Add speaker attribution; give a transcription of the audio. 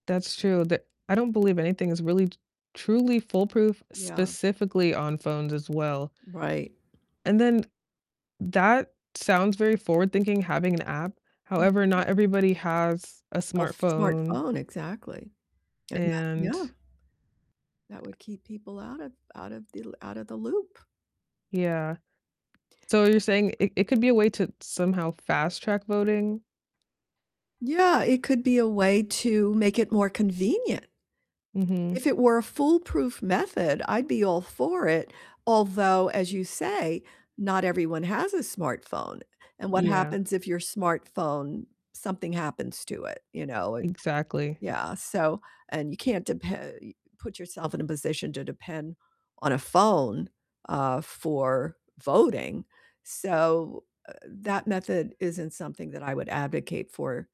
Speaker 1: That's true, they're I don't believe anything is really t truly foolproof,
Speaker 2: Yeah.
Speaker 1: specifically on phones as well.
Speaker 2: Right.
Speaker 1: And then, that sounds very forward-thinking, having an app, however,
Speaker 2: Mhm.
Speaker 1: not everybody has a
Speaker 2: A f
Speaker 1: smartphone
Speaker 2: smartphone, exactly, and that Yeah.
Speaker 1: and
Speaker 2: That would keep people out of out of the out of the loop.
Speaker 1: Yeah, so, you're saying it it could be a way to somehow fast-track voting?
Speaker 2: Yeah, it could be a way to make it more convenient.
Speaker 1: Mhm.
Speaker 2: If it were a foolproof method, I'd be all for it, although, as you say, not everyone has a smartphone, and what
Speaker 1: Yeah.
Speaker 2: happens if your smartphone something happens to it, you know, it
Speaker 1: Exactly.
Speaker 2: yeah, so and you can't depe y put yourself in a position to depend on a phone, uh, for voting, so, uh, that method isn't something that I would advocate for.